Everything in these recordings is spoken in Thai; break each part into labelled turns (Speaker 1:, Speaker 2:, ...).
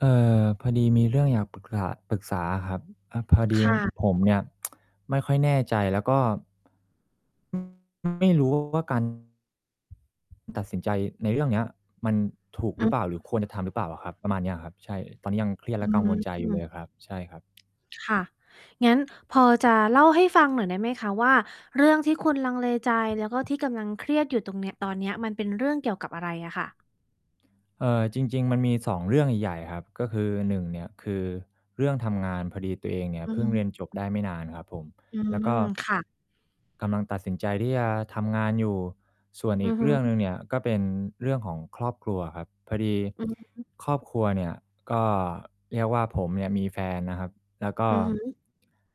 Speaker 1: เออ พอดีมีเรื่องอยากปรึกษะ ปรึกษาอะครับ อะ พอด
Speaker 2: ค
Speaker 1: ี
Speaker 2: ่ะ
Speaker 1: ผมเนี่ย ไม่ค่อยแน่ใจ แล้วก็ [unintelligible] ไม่ รู้ ว่า การ ตัดสินใจในเรื่องเนี้ย มันถูก
Speaker 2: อ
Speaker 1: ห
Speaker 2: ื
Speaker 1: รือ
Speaker 2: อ
Speaker 1: เปล่า? หรือ
Speaker 2: ฮึ
Speaker 1: ควรจะทำหรือเปล่าอะครับ? ประมาณเนี้ยอะครับ ใช่ ตอนนี้ยังเครียด
Speaker 2: อ
Speaker 1: แ
Speaker 2: ื
Speaker 1: ละกังวลใจอยู่เลย
Speaker 2: ม
Speaker 1: อะครับ ใช่ครับ
Speaker 2: ค่ะ งั้นพอจะเล่าให้ฟังหน่อยได้ไหมคะ? ว่า เรื่องที่คุณลังเลใจ แล้ว ก็ที่กำลังเครียดอยู่ตรงเนีย ตอนเนี้ย มันเป็นเรื่องเกี่ยวกับอะไรอะค่ะ?
Speaker 1: เออ จริง ๆ มันมี 2 เรื่องใหญ่ ๆ อะครับ ก็คือ 1 เนี่ยคือเรื่องทำงาน พอดีตัวเองเนี่ย
Speaker 2: อือ
Speaker 1: เพ
Speaker 2: ฮ
Speaker 1: ิ่งเรี
Speaker 2: ึ
Speaker 1: ยนจบได้ไม่นานครับผม
Speaker 2: อื
Speaker 1: แล้ว
Speaker 2: ม
Speaker 1: ก็
Speaker 2: ค่ะ
Speaker 1: กำลังตัดสินใจที่จะทำงานอยู่ ส่วน
Speaker 2: อื
Speaker 1: อี
Speaker 2: อ
Speaker 1: ก
Speaker 2: ฮึ
Speaker 1: เรื่องหนึ่งเนี่ย ก็เป็นเรื่องของครอบครัวอะครับ พอดี
Speaker 2: อือฮึ
Speaker 1: ครอบครัวเนี่ยก็ เรียกว่า ผมเนี่ยมีแฟนนะครับ แล้วก
Speaker 2: อ
Speaker 1: ็
Speaker 2: ือฮึ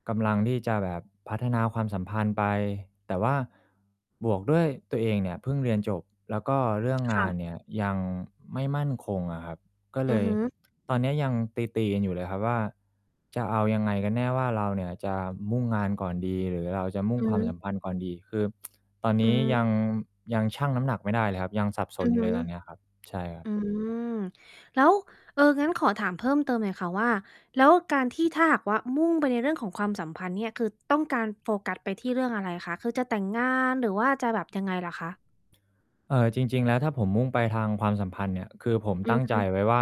Speaker 1: กำลังที่จะแบบพัฒนาความสัมพันธ์ไป แต่ว่า บวกด้วยตัวเองเนี่ยเพิ่งเรียนจบ แล้วก็เรื่อง
Speaker 2: ค
Speaker 1: ง
Speaker 2: ่
Speaker 1: า
Speaker 2: ะ
Speaker 1: นเนี่ยยังไม่มั่นคงอะครับ ก็เ
Speaker 2: อ
Speaker 1: ล
Speaker 2: ือ
Speaker 1: ย
Speaker 2: ฮึ
Speaker 1: ตอนเนี้ย ยังตี ๆ กันอยู่เลยครับว่า จะเอายังไงกันแน่ ว่าเราเนี่ยจะมุ่งงานก่อนดี หรือเราจะมุ
Speaker 2: อ
Speaker 1: ่ง
Speaker 2: ือ
Speaker 1: คว
Speaker 2: ฮ
Speaker 1: าม
Speaker 2: ึ
Speaker 1: สัมพันธ์ก่อนดี คือ ตอน
Speaker 2: อ
Speaker 1: น
Speaker 2: ื
Speaker 1: ี้ย
Speaker 2: ม
Speaker 1: ัง ยังชั่งน้ำหนักไม่ได้เลยครับ ยังสับส
Speaker 2: อ
Speaker 1: น
Speaker 2: ือ
Speaker 1: อย
Speaker 2: ฮ
Speaker 1: ู่
Speaker 2: ึ
Speaker 1: เลย ตอนเนี้ยครับ ใช่ครับ
Speaker 2: อืม แล้ว เออ งั้นขอถามเพิ่มเติมหน่อยค่ะว่า แล้วการที่ถ้าหากว่า มุ่งไปในเรื่องของความสัมพันธ์เนี่ย คือต้องการโฟกัสไปที่เรื่องอะไรคะ? คือจะแต่งงานหรือว่าจะแบบยังไงเหรอคะ?
Speaker 1: เออ จริง ๆ แล้ว ถ้าผมมุ่งไปทางความสัมพันธ์เนี่ย คือผม
Speaker 2: อื
Speaker 1: ตั
Speaker 2: อ
Speaker 1: ้ง
Speaker 2: ฮ
Speaker 1: ใจ
Speaker 2: ึ
Speaker 1: ไว้ว่า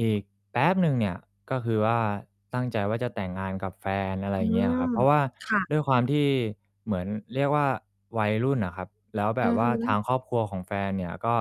Speaker 1: อีกแป๊บหนึ่งเนี่ย ก็คือว่า ตั้งใจว่า จะแต่งงานกับแฟน อะไร
Speaker 2: อื
Speaker 1: อย่างเงี้ยอะครั
Speaker 2: ม
Speaker 1: บ เพราะว่า
Speaker 2: ค่ะ
Speaker 1: ด้วยความที่ เหมือน เรียกว่า วัยรุ่นน่ะครับ แล้วแ
Speaker 2: อ
Speaker 1: บ
Speaker 2: ื
Speaker 1: บ
Speaker 2: อ
Speaker 1: ว
Speaker 2: ฮ
Speaker 1: ่า
Speaker 2: ึ
Speaker 1: ทางครอบครัวของแฟนเนี่ยก็